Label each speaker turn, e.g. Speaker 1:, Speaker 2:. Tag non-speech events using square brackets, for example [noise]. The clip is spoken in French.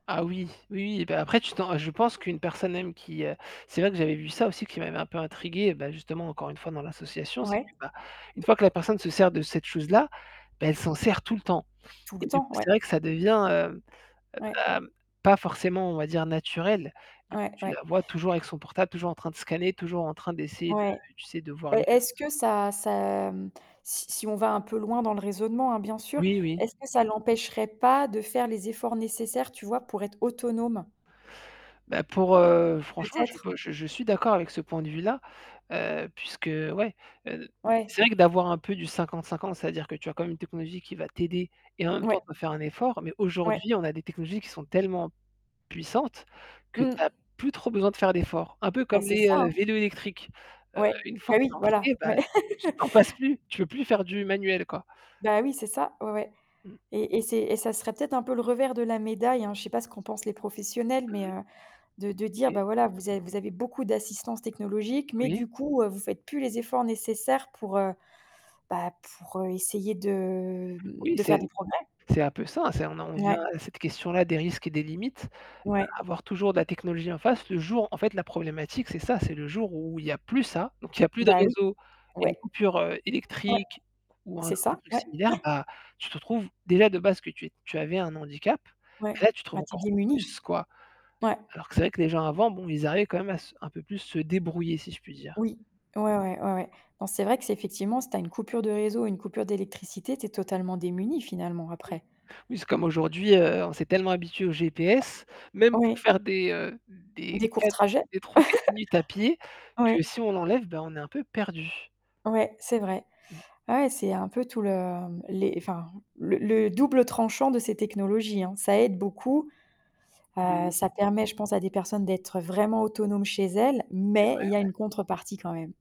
Speaker 1: Ah oui, oui, oui. Bah, après tu t'en re je pense qu'une personne même qui, heu c'est vrai que j'avais vu ça aussi qui m'avait un peu intriguée, bah justement encore une fois dans l'association, c'est que,
Speaker 2: Ouais.
Speaker 1: bah, une fois que la personne se sert de cette chose-là, beh elle s'en sert tout le temps.
Speaker 2: Tout le
Speaker 1: Et du
Speaker 2: temps,
Speaker 1: coup,
Speaker 2: ouais.
Speaker 1: c'est vrai que ça devient, heu,
Speaker 2: Ouais.
Speaker 1: hem, pas forcément, on va dire naturel. Du coup,
Speaker 2: Ouais,
Speaker 1: tu
Speaker 2: ouais.
Speaker 1: la vois toujours avec son portable, toujours en train de scanner, toujours en train d'essayer de,
Speaker 2: Ouais.
Speaker 1: tu sais, de voir
Speaker 2: Et
Speaker 1: les
Speaker 2: est-ce
Speaker 1: choses.
Speaker 2: que ça ça, mmh si si on va un peu loin dans le raisonnement hein, bien sûr,
Speaker 1: Oui, oui.
Speaker 2: est-ce que ça l'empêcherait pas de faire les efforts nécessaires, tu vois, pour être autonome?
Speaker 1: Bah pour, heu franchement, je
Speaker 2: Peut-être.
Speaker 1: peux je je suis d'accord avec ce point de vue-là, heu, puisque, ouais, heu
Speaker 2: Ouais.
Speaker 1: c'est vrai que d'avoir un peu du 50-50, c'est-à-dire que tu as quand même une technologie qui va t'aider et en même temps
Speaker 2: Ouais.
Speaker 1: il faut faire un effort. Mais
Speaker 2: Ouais.
Speaker 1: aujourd'hui, on a des technologies qui sont tellement puissantes que tu as
Speaker 2: Mmh.
Speaker 1: plus trop besoin de faire d'effort. Un peu
Speaker 2: Bah,
Speaker 1: comme
Speaker 2: c'est
Speaker 1: les,
Speaker 2: ça,
Speaker 1: heu,
Speaker 2: hein.
Speaker 1: vélos électriques. Heu,
Speaker 2: Ouais.
Speaker 1: une fois
Speaker 2: Bah
Speaker 1: que
Speaker 2: oui,
Speaker 1: t'en
Speaker 2: voilà.
Speaker 1: fais, bah,
Speaker 2: Ouais.
Speaker 1: tu
Speaker 2: [laughs]
Speaker 1: t'en passes plus, tu veux plus faire du manuel quoi.
Speaker 2: Bah oui, c'est ça. Ouais, ouais.
Speaker 1: Mmh.
Speaker 2: Et et c'est et ça serait peut-être un peu le revers de la médaille, hein. Je sais pas ce qu'en pensent les professionnels, mais
Speaker 1: Mmh mh.
Speaker 2: heu, de de dire:
Speaker 1: OK.
Speaker 2: «Bah voilà, vous a vous avez beaucoup d'assistance technologique, mais
Speaker 1: Oui.
Speaker 2: du coup, heu, vous faites plus les efforts nécessaires pour, heu, bah pour, heu, essayer de, mmh,
Speaker 1: Oui,
Speaker 2: de faire
Speaker 1: c'est
Speaker 2: des progrès».
Speaker 1: c'est un peu ça. C'est on a on vient
Speaker 2: Ouais.
Speaker 1: à cette question-là des risques et des limites,
Speaker 2: Ouais.
Speaker 1: avoir toujours de la technologie en face le jour en fait la problématique, c'est ça, c'est le jour où il y a plus ça, donc il y a plus de
Speaker 2: Bah oui.
Speaker 1: réseau et
Speaker 2: Ouais.
Speaker 1: coupure, heu,
Speaker 2: Ouais.
Speaker 1: électrique ou un
Speaker 2: C'est
Speaker 1: autre
Speaker 2: ça.
Speaker 1: truc
Speaker 2: Ouais.
Speaker 1: similaire,
Speaker 2: Ouais.
Speaker 1: bah, tu te trouves déjà de base que tu es tu avais un handicap,
Speaker 2: Ouais.
Speaker 1: là tu trouves
Speaker 2: Bah, tu es
Speaker 1: encore
Speaker 2: démunie.
Speaker 1: plus quoi,
Speaker 2: Ouais.
Speaker 1: alors que c'est vrai que les gens avant, bon, ils arrivaient quand même à s un peu plus se débrouiller, si je puis dire.
Speaker 2: Oui. Ouais, ouais. Ouais, ouais. Donc c'est vrai que c'est effectivement, si tu as une coupure de réseau, une coupure d'électricité, tu es totalement démunie finalement après.
Speaker 1: Oui, c'est comme aujourd'hui, heu, on s'est tellement habitué au GPS, même pour
Speaker 2: Oui.
Speaker 1: faire des, heu, des
Speaker 2: Des courts
Speaker 1: 4
Speaker 2: trajets?
Speaker 1: des 3-4 minutes à pied
Speaker 2: [chuckles] Ouais.
Speaker 1: que si on l'enlève, bah on est un peu perdu.
Speaker 2: Ouais, c'est vrai.
Speaker 1: Mmh.
Speaker 2: Ouais, c'est un peu tout le, mmh, les, enfin, le le double tranchant de ces technologies hein. Ça aide beaucoup. Bah,
Speaker 1: Oui.
Speaker 2: ça permet, je pense, à des personnes d'être vraiment autonomes chez elles,
Speaker 1: C'est
Speaker 2: mais
Speaker 1: vrai,
Speaker 2: il y a
Speaker 1: ouais.
Speaker 2: une contrepartie quand même.